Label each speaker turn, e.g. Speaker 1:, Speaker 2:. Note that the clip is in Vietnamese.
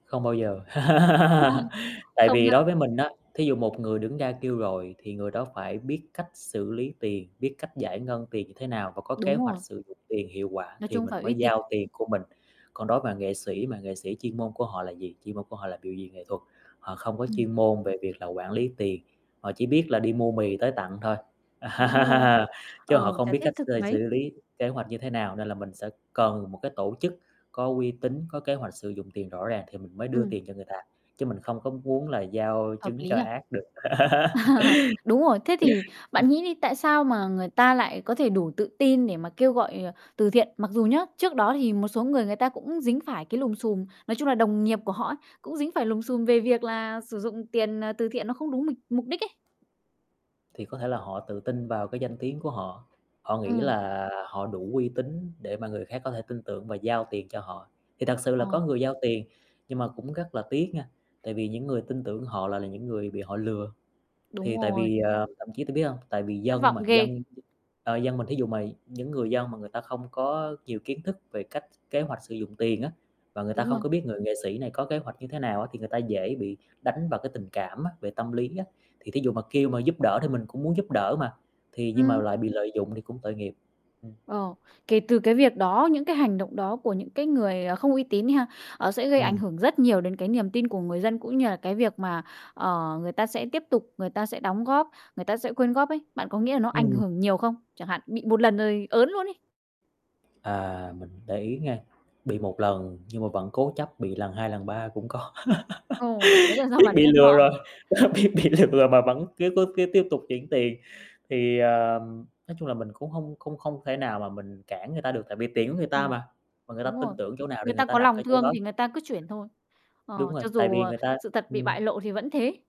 Speaker 1: Không bao giờ. Tại
Speaker 2: Không
Speaker 1: vì
Speaker 2: ha.
Speaker 1: đối với mình á, thí dụ một người đứng ra kêu gọi thì người đó phải biết cách xử lý tiền, biết cách giải ngân tiền như thế nào và có
Speaker 2: Đúng
Speaker 1: kế
Speaker 2: rồi.
Speaker 1: hoạch sử dụng tiền hiệu quả
Speaker 2: Nói
Speaker 1: thì
Speaker 2: chung
Speaker 1: mình
Speaker 2: phải
Speaker 1: mới
Speaker 2: uy tín.
Speaker 1: giao tiền của mình. Còn đối mà nghệ sĩ, mà nghệ sĩ chuyên môn của họ là gì? Chuyên môn của họ là biểu diễn nghệ thuật, họ không có
Speaker 2: Ừm.
Speaker 1: chuyên môn về việc là quản lý tiền, họ chỉ biết là đi mua mì tới tặng thôi,
Speaker 2: Đúng rồi.
Speaker 1: chứ
Speaker 2: Ờ,
Speaker 1: họ không
Speaker 2: chả
Speaker 1: biết
Speaker 2: thiết
Speaker 1: cách
Speaker 2: thực
Speaker 1: xơi xử
Speaker 2: mấy.
Speaker 1: lý kế hoạch như thế nào, nên là mình sẽ cần một cái tổ chức có uy tín, có kế hoạch sử dụng tiền rõ ràng thì mình mới đưa
Speaker 2: Ừm.
Speaker 1: tiền cho người ta, chứ mình không có muốn là giao
Speaker 2: Hợp
Speaker 1: trứng
Speaker 2: lý
Speaker 1: cho
Speaker 2: nhỉ?
Speaker 1: ác được.
Speaker 2: Ờ, đúng rồi. Thế thì bạn nghĩ đi, tại sao mà người ta lại có thể đủ tự tin để mà kêu gọi, ờ, từ thiện? Mặc dù nhá, trước đó thì một số người người ta cũng dính phải cái lùm xùm, nói chung là đồng nghiệp của họ á cũng dính phải lùm xùm về việc là sử dụng tiền, à, từ thiện nó không đúng mịt mục đích ấy.
Speaker 1: Thì có thể là họ tự tin vào cái danh tiếng của họ, họ nghĩ
Speaker 2: Ừm.
Speaker 1: là họ đủ uy tín để mà người khác có thể tin tưởng và giao tiền cho họ, thì thật sự là có
Speaker 2: Ờ.
Speaker 1: người giao tiền. Nhưng mà cũng rất là tiếc nha, tại vì những người tin tưởng họ lại là những người bị họ lừa,
Speaker 2: Đúng
Speaker 1: thì tại
Speaker 2: rồi.
Speaker 1: vì, ờ thậm chí t biết hông? Tại vì
Speaker 2: Thất
Speaker 1: dân
Speaker 2: vọng
Speaker 1: mà
Speaker 2: ghê!
Speaker 1: dân, ờ, dân mình thí dụ mà những người dân mà người ta không có nhiều kiến thức về cách kế hoạch sử dụng tiền á, và người ta
Speaker 2: Đúng
Speaker 1: không
Speaker 2: rồi.
Speaker 1: có biết người nghệ sĩ này có kế hoạch như thế nào á, thì người ta dễ bị đánh vào cái tình cảm á, về tâm lý á. Thì thí dụ mà kêu mà giúp đỡ thì mình cũng muốn giúp đỡ mà, thì nhưng mà
Speaker 2: Ừm.
Speaker 1: lại bị lợi dụng thì cũng tội nghiệp, ừm.
Speaker 2: Ờ, kể từ cái việc đó, những cái hành động đó của những cái người, ờ, không uy tín đi ha, ờ, sẽ gây ảnh
Speaker 1: Ừm.
Speaker 2: hưởng rất nhiều đến cái niềm tin của người dân cũng như là cái việc mà, ờ, người ta sẽ tiếp tục, người ta sẽ đóng góp, người ta sẽ quyên góp ấy. Bạn có nghĩa là nó ảnh
Speaker 1: Ừm.
Speaker 2: hưởng nhiều không? Chẳng hạn, bị 1 lần rồi ớn luôn ấy.
Speaker 1: À, mình để ý nghe, bị 1 lần nhưng mà vẫn cố chấp bị lần 2, lần 3 cũng có.
Speaker 2: Ờ, đấy là do
Speaker 1: Biết
Speaker 2: bản
Speaker 1: bị
Speaker 2: thân
Speaker 1: lừa
Speaker 2: họ.
Speaker 1: rồi, đó biết bị lừa mà vẫn cứ cố cứ tiếp tục chuyển tiền, thì, ờm, nói chung là mình cũng hông không không thể nào mà mình cản người ta được, tại vì tiền của người ta
Speaker 2: Ừm,
Speaker 1: mà, mà người ta
Speaker 2: đúng rồi.
Speaker 1: tin tưởng chỗ nào thì
Speaker 2: Người
Speaker 1: người
Speaker 2: ta
Speaker 1: ta
Speaker 2: có
Speaker 1: đặt ở
Speaker 2: lòng
Speaker 1: chỗ
Speaker 2: thương
Speaker 1: đó.
Speaker 2: thì người ta cứ chuyển thôi, ờ,
Speaker 1: Đúng rồi,
Speaker 2: cho
Speaker 1: tại
Speaker 2: dù,
Speaker 1: vì
Speaker 2: ờ,
Speaker 1: người ta
Speaker 2: sự thật bị bại
Speaker 1: ừm.
Speaker 2: lộ thì vẫn thế.